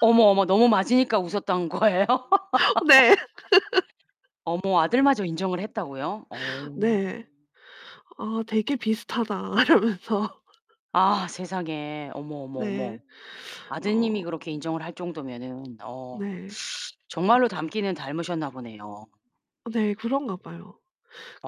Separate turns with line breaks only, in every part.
어머, 어머. 너무 맞으니까 웃었던 거예요?
네.
어머 아들마저 인정을 했다고요? 어.
네. "아 되게 비슷하다." 이러면서.
아 세상에. 어머, 어머,
네.
어머.
어.
아드님이 그렇게 인정을 할 정도면은 어
네.
정말로 닮기는 닮으셨나 보네요.
네. 그런가 봐요.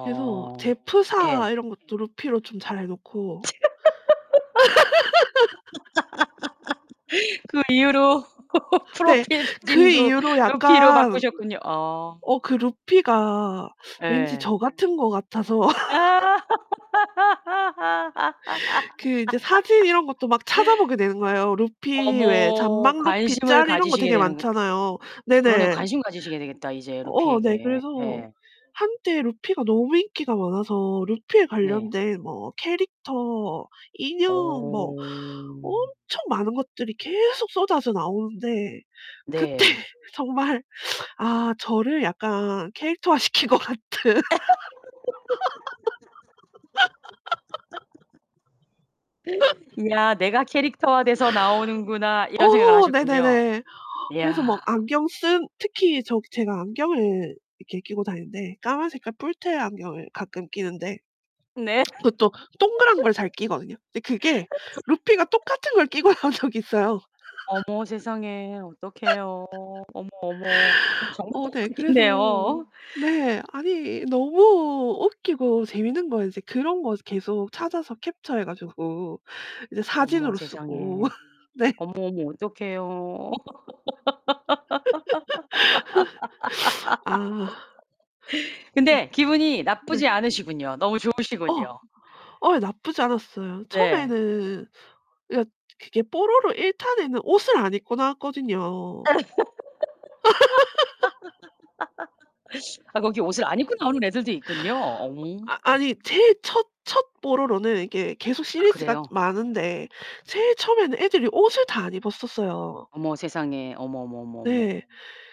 그래서 제
예.
프사 이런 것도 루피로 좀 잘 해 놓고
그 이후로
네.
프로필
그
사진도
이후로
루피로
약간
바꾸셨군요. 어.
어 그 루피가 왠지
예.
저 같은 것 같아서
아.
그 인제 사진 이런 것도 막 찾아보게 되는 거예요. 루피 왜
어머.
잔망 루피
관심을
짤 이런 거
가지시게
되게
되는군
많잖아요.
그러네요.
네네.
관심 가지시게 되겠다 이제
어 네.
루피에게.
그래서
예.
한때 루피가 너무 인기가 많아서 루피에
네.
관련된 뭐 캐릭터, 인형 뭐
어.
엄청 많은 것들이 계속 쏟아져 나오는데 그때
네.
정말 아 저를 약간 캐릭터화 시킨 것 같은.
야 '내가 캐릭터화 돼서 나오는구나.' 이런 생각을
어.
하셨군요.
네네네. 그래서
이야.
막 안경 쓴 특히 저 제가 안경을 이렇게 끼고 다니는데 까만 색깔 뿔테 안경을 가끔 끼는데
네.
그것도 동그란 걸 잘 끼거든요. 근데 그게 루피가 똑같은 걸 끼고 나온 적이 있어요.
어머 세상에. 어떡해요. 어머, 어머. 그럼 정말
어 네. 그래서
똑같겠네요.
네. 아니 너무 웃기고 재밌는 거예요. 이제 그런 거 계속 찾아서 캡쳐해 가지고 이제
어머
사진으로 쓰고.
세상에.
네.
어머, 어머. 어떡해요.
아. 네.
근데 기분이
네.
나쁘지 않으시군요. 너무
어
좋으시군요.
어 예. 나쁘지 않았어요.
네.
처음에는 그러니까 그게 뽀로로 1 탄에는 옷을 안 입고 나왔거든요.
아 거기 옷을 안 입고 나오는 애들도 있군요. 어.
아 아니 제일 첫 첫 뽀로로는 이게 계속
아
시리즈가
그래요?
많은데 제일 처음에는 애들이 옷을 다 안 입었었어요.
어머 세상에. 어머, 어머, 어머, 어머.
네.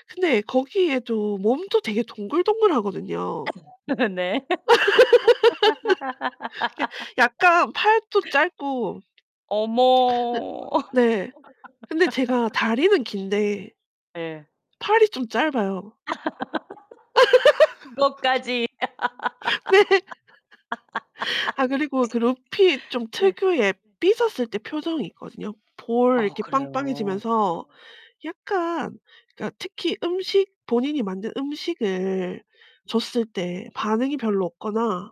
근데 거기에도 몸도 되게 동글동글하거든요.
네.
이게 약간 팔도 짧고
어머.
네 네. 근데 제가 다리는 긴데
예.
팔이 좀 짧아요.
그것까지.
네. 아 그리고 그 루피 좀
네.
특유의 삐졌을 때 표정이 있거든요. 볼
아
이렇게
그래요?
빵빵해지면서 약간 그러니까 특히 음식, 본인이 만든 음식을 줬을 때 반응이 별로 없거나